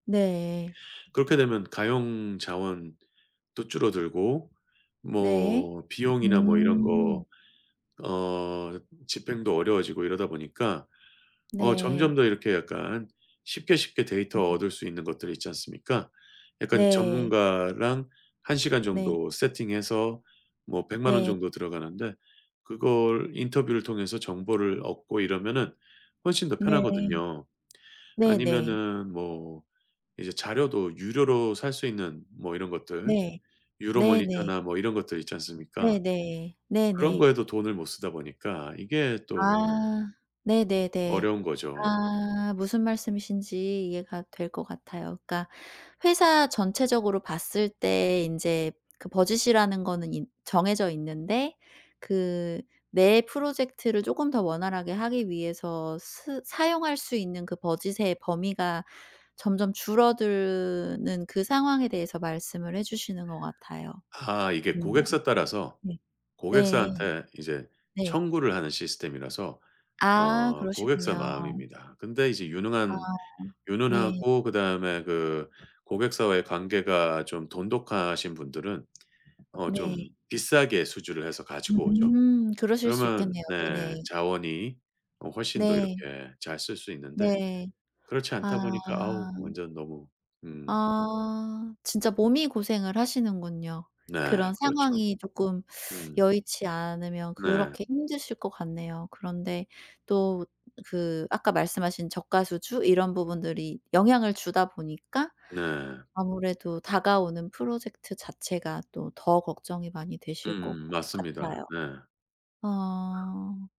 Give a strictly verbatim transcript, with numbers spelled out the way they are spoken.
네. 그렇게 되면 가용 자원도 줄어들고 네. 뭐 비용이나 뭐 이런 거 음. 어 집행도 어려워지고 이러다 보니까 어 점점 네. 더 이렇게 약간 쉽게, 쉽게 음 데이터 네. 얻을 수 있는 것들이 있지 않습니까? 약간 네. 전문가랑 한 시간 네. 정도 세팅해서 뭐 백만 원 네. 정도 들어가는데 그걸 인터뷰를 통해서 정보를 얻고 이러면은 훨씬 더 네. 편하거든요. 네네. 아니면은 뭐 이제 자료도 유료로 살 수 있는 뭐 이런 것들 네. 네네. 유로모니터나 뭐 이런 것들 있지 않습니까? 네네. 그런 네네. 거에도 돈을 못 쓰다 보니까 이게 또 아 네네네. 어려운 거죠. 아 무슨 말씀이신지 이해가 될 것 같아요. 그러니까 회사 전체적으로 봤을 때 인제 그 budge이라는 거는 이 정해져 있는데 그 내 프로젝트를 조금 더 원활하게 하기 위해서 쓰 사용할 수 있는 그 budge의 범위가 점점 줄어드는 그 상황에 대해서 말씀을 해 주시는 것 같아요. 아 이게 네네. 고객사 따라서 네. 네. 고객사한테 이제 네. 청구를 하는 시스템이라서 아 어 고객사 그러시군요. 마음입니다. 근데 이제 아 유능한 네. 유능하고 그다음에 그 고객사와의 관계가 좀 돈독하신 분들은 어 좀 네. 비싸게 수주를 해서 가지고 오죠. 음 그러실 수 그러면 있겠네요. 네 네네. 자원이 어 훨씬 더 네. 이렇게 잘 쓸 수 있는데 네. 그렇지 아. 않다 보니까 아우 완전 너무 음. 아 진짜 몸이 고생을 하시는군요. 네 그런 그렇죠. 상황이 조금 음. 여의치 않으면 네. 그렇게 힘드실 것 같네요. 그런데 또 그 아까 말씀하신 저가 수주 이런 부분들이 영향을 주다 보니까 네. 아무래도 다가오는 프로젝트 자체가 또 더 걱정이 많이 되실 것 음 맞습니다. 같아요. 네. 아.